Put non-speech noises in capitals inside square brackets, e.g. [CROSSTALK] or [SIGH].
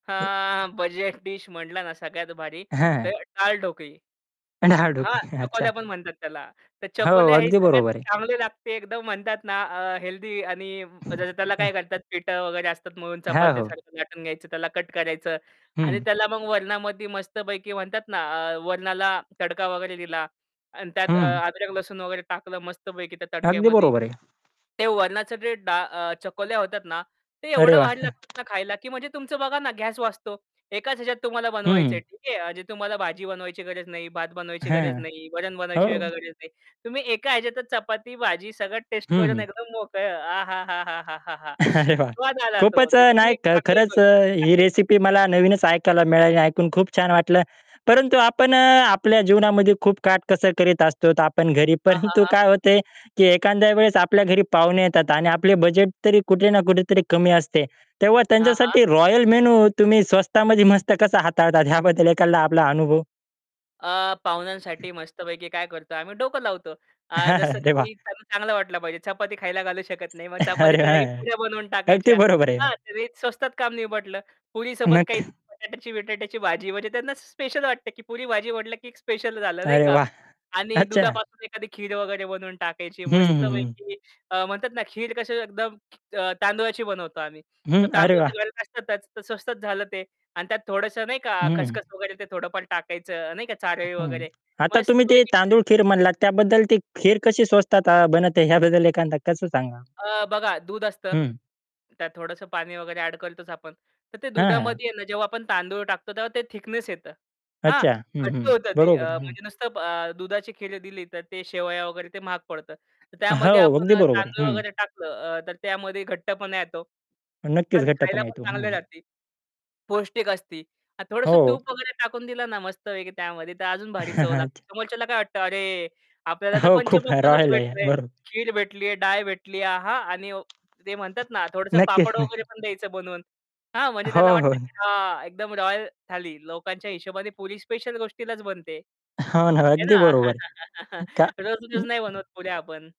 एक हां, budget dish म्हटला ना, सगळ्यात भारी तर हां. डाळ ढोकळी. डाळ हां, ढोकली, अच्छा. चकोल्या पण म्हणतात त्याला तर हो, चकोल्या हे अगदी सगळ्यात बरोबर आहे. चांगली लागते एकदम म्हणतात ना, अ, हेल्दी आणि जसं त्याला हां. काय करतात पिठं वगैरे असतात म्हणून हां, हो. चपात्यासारखं लाटून घ्यायचं त्याला कट करायचं आणि हं. त्याला मग वरणामध्ये मस्तपैकी म्हणतात ना, अ, वरणाला तडका वगैरे दिला आणि त्यात अ, हं. अदरक लसूण वगैरे टाकलं मस्तपैकी त्या अगदी तडक्यामध्ये बरोबर आहे. ते वरणाच जे डा अ, चकोल्या होतात ना, ते अरे एवढं वाह! वाढ लागतात [CHUCKLES] ना, खायला की म्हणजे तुमचं बघा ना, गॅस वाचतो. एकाच ह्याच्यात तुम्हाला बनवायचंय. हं. ठीक आहे. म्हणजे तुम्हाला भाजी बनवायची गरज नाही, भात बनवायची गरज हां, नाही, वरण बनवायची हो. वेगळी गरज नाही. तुम्ही एका ह्याच्यातच चपाती भाजी सगळं टेस्ट हं, करून हं. एकदम मोकळं. आहाहाहा! अरे, वाह! स्वाद आला तो खूपच अ, नाही खरंच अ, ही [UNINTELLIGIBLE] रेसिपी मला नवीनच ऐकायला मिळाली ऐकून खूप छान वाटलं परंतु आपण अ, आपल्या जीवनामध्ये खूप काटकसर करीत असतो तर आपण घरी हां, हां, परंतु हां. काय होते की एखाद्या वेळेस आपल्या घरी पाहुणे येतात आणि आपले बजेट तरी कुठे ना कुठे तरी कमी असते तेव्हा हां, हां. त्यांच्यासाठी रॉयल मेनू तुम्ही स्वस्तामध्ये मस्त कसं हाताळतात ह्याबद्दल एकादा आपला अनुभव? अ, पाहुण्यांसाठी मस्तपैकी काय करतो आम्ही डोकं लावतो. अ, जसं [CHUCKLES] अरे वाह! की त्यांना चांगलं वाटलं पाहिजे चपाती खायला घालू शकत नाही मग अरे, चपातीच्या जागी हां, पुऱ्या बनवून अगदी टाकायच्या, बरोबर आहे. हां, ते स्वस्तात काम निपटलं. पुरीसोबत नक काही बटाट्याची विटाट्याची भाजी म्हणजे त्यांना स्पेशल वाटते, की पुरी-भाजी वाटलं की एक स्पेशल झालं नाही अरे का? वाह! आणि अच्छा. दुधापासून एखादी खीर वगैरे बनवून टाकायची हं, हं, हं. मस्तपैकी अ, म्हणतात ना, खीर कसं एकदम अ, तांदुळाची बनवतो आम्ही. तर हं, अरे तांदूळ वाह! तर घरात असतातच, तर स्वस्तच झालं ते. आणि त्यात थोडंसं नाही का हं. खसखस वगैरे ते थोडंफार टाकायचं नाही का चारळी हं, वगैरे आता तुम्ही ते मस्तपैकी [UNINTELLIGIBLE] तांदूळ खीर म्हणलात त्याबद्दल ते खीर कशी स्वस्तात अ, बनते ह्याबद्दल एखादा कसं सांगा? अ, बघा दूध असतं हं. त्यात थोडंसं पाणी वगैरे ॲड करतोच आपण, तर ते हां, हां. दुधामध्ये ना, जेव्हा आपण तांदूळ टाकतो तेव्हा ते थिकनेस येतं हां, अच्छा हं, घट्ट हं, होतं ते अ, बरोबर हं. म्हणजे नुसतं अ, दुधाची खीर दिली तर ते शेवया वगैरे ते महाग पडतं. तर त्यामध्ये हो अगदी आपण अ, बरोबर आहे. तांदूळ हं. वगैरे टाकलं अ, तर त्यामध्ये घट्टपणा येतो. नक्कीच आणि खायला घट्टपणा पण येतो. चांगलं हं. राहती. पौष्टिक असती. आणि थोडंसं हो. तूप वगैरे टाकून दिलं ना, मस्त आहे त्यामध्ये तर अजून भारी चव [CHUCKLES] लागते. अच्छा. समोरच्याला काय वाटतं अरे, आपल्याला तर हो खूप पंचपक्वान्नच रॉयल आहे भेटलय, बर खीर भेटली आहे, डाळ भेटली आहे आहा! आणि ते म्हणतात ना, थोडंसं नक्कीच, पापड वगैरे नक्की. पण द्यायचं बनवून. हां, म्हणजे हो, त्याला हो. वाटतं की हा एकदम रॉयल थाली लोकांच्या हिशोबाने पूरी स्पेशल गोष्टीलाच बनते. हो ना, है अगदी ना. बरोबर आहे. [CHUCKLES] का रोज-रोज नाही बनवत पुऱ्या आपण.